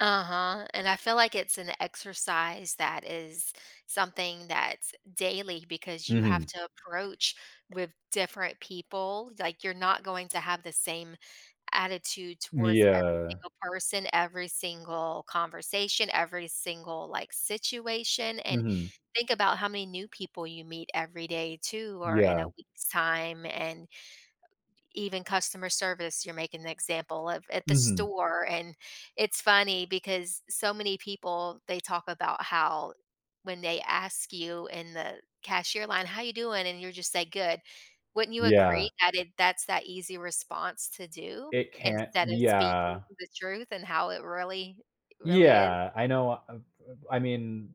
Uh-huh, and I feel like it's an exercise that is something that's daily, because you have Mhm. to approach with different people. Like you're not going to have the same attitude M towards every yeah. single person, every single conversation, every single, like, situation, and Mhm. think about how many new people you meet every day too or in a Yeah. week's time and even customer service, you're making an example of at the Mhm. store, and it's funny because so many people, they talk about how when they ask you in the cashier line, "How you doing?" And your just say, "Good.” Wouldn't you Yeah. agree that it that's that easy response to do? It can't Instead of speaking yeah. the truth, and how it really really is. Yeah, I know I'm m I mean,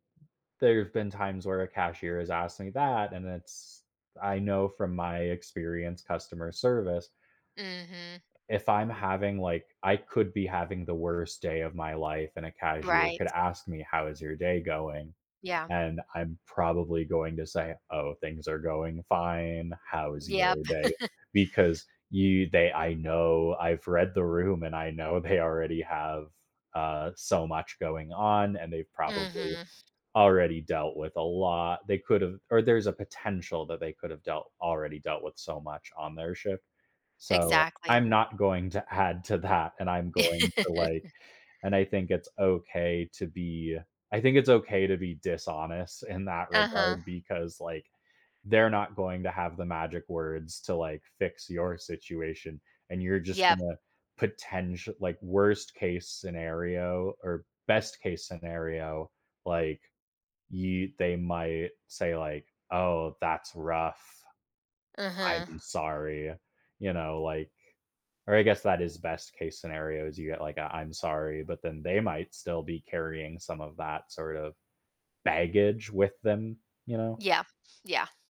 there have been times where a cashier has asked me that, and it's I know from my experience customer service. Mhm. If I'm having, like I could be having the worst day of my life, and a cashier Right. could ask me, "How is your day going?" Yeah. And I'm probably going to say, "Oh, things are going fine. How is Yep. your day?" Because you they I know I've read the room, and I know they already have, uh, so much going on, and they've probably Mhm. already dealt with a lot. They could’ve or there's a potential that they could've dealt already dealt with so much on their shift. So, Exactly. I'm not going to add to that, and I'm going to, like and I think it's okay to be I think it's okay to be dishonest in that Uh-huh. regard because, like, they're not going to have the magic words to, like, fix your situation, and you're just Yep. gonna potential like, worst-case scenario or best-case scenario, like, you they might say like, "Oh, that's rough. Uh-huh. I'm sorry." You know, like or I guess that is best-case scenario is you get like, a "I'm sorry," but then they might still be carrying some of that sort of baggage with them, you know. Yeah, yeah.